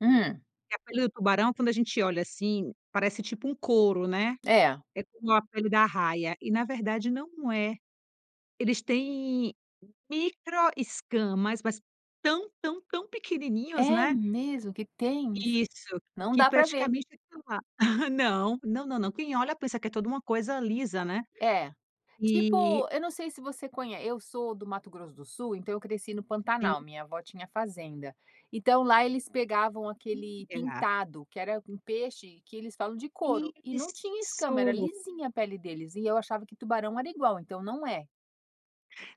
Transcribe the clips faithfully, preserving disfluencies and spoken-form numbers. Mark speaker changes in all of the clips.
Speaker 1: Hum.
Speaker 2: A pele do tubarão quando a gente olha assim parece tipo um couro, né.
Speaker 1: É.
Speaker 2: É como a pele da arraia, e na verdade não é. Eles têm micro escamas, mas tão tão tão pequenininhos,
Speaker 1: É
Speaker 2: né.
Speaker 1: mesmo que tem?
Speaker 2: Isso
Speaker 1: Não
Speaker 2: que
Speaker 1: dá para ver.
Speaker 2: praticamente não da Não. Não, não, não, quem olha pensa que é toda uma coisa lisa, né?
Speaker 1: É, tipo
Speaker 2: E
Speaker 1: eu não sei se você conhe eu sou do Mato Grosso do Sul então eu cresci no
Speaker 2: Sim.
Speaker 1: Pantanal, minha avó tinha fazenda. Então lá eles pegavam aquele
Speaker 2: [unintelligible]
Speaker 1: pintado, que era um peixe que eles falam de couro, e não tinha
Speaker 2: Isso.
Speaker 1: escama, era lisinha a pele deles e eu achava que tubarão era igual, então não é?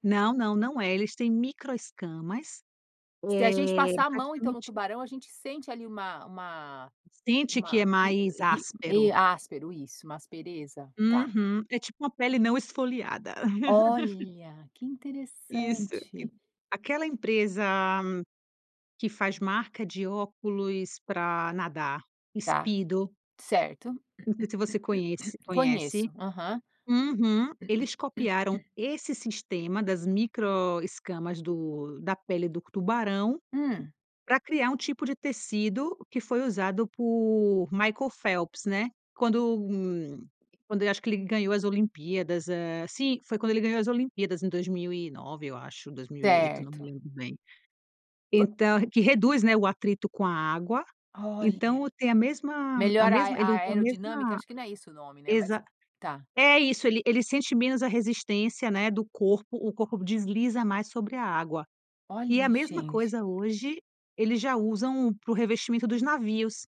Speaker 2: Não, não, não é, eles têm micro escamas.
Speaker 1: Se a gente
Speaker 2: Eh,
Speaker 1: passar a mão então no
Speaker 2: praticamente
Speaker 1: tubarão, a gente sente ali uma uma
Speaker 2: Sente que é
Speaker 1: uma ri
Speaker 2: mais
Speaker 1: ri
Speaker 2: áspero.
Speaker 1: áspero, isso, uma aspereza, tá.
Speaker 2: Uhum, é tipo uma pele não esfoliada.
Speaker 1: Olha, que
Speaker 2: Isso, aque
Speaker 1: interessante.
Speaker 2: aquela empresa que faz marca de óculos para nadar,
Speaker 1: Tá,
Speaker 2: Speedo
Speaker 1: certo.
Speaker 2: não sei se você conhece conhece.
Speaker 1: Conheço, aham.
Speaker 2: Uhum, eles copiaram esse sistema das micro escamas do da pele do tubarão
Speaker 1: Hum.
Speaker 2: pra criar um tipo de tecido que foi usado por Michael Phelps, né. Quando quando eu acho que ele ganhou as Olimpíadas, sim, quando ele ganhou as Olimpíadas em dois mil e nove eu acho, dois mil e oito, não me
Speaker 1: Certo.
Speaker 2: lembro bem. Então que reduz, né, o atrito com a água,
Speaker 1: Olha.
Speaker 2: então tem a mesma a
Speaker 1: Melhora a
Speaker 2: mesma ele
Speaker 1: aero
Speaker 2: a mesma
Speaker 1: aerodinâmica, acho que não é isso o nome, né, mas
Speaker 2: exa
Speaker 1: tá.
Speaker 2: é isso, ele ele sente menos a resistência, né, do corpo, o corpo desliza mais sobre a água, e a
Speaker 1: Olha
Speaker 2: mesma
Speaker 1: gente.
Speaker 2: coisa hoje eles já usam para o revestimento dos navios.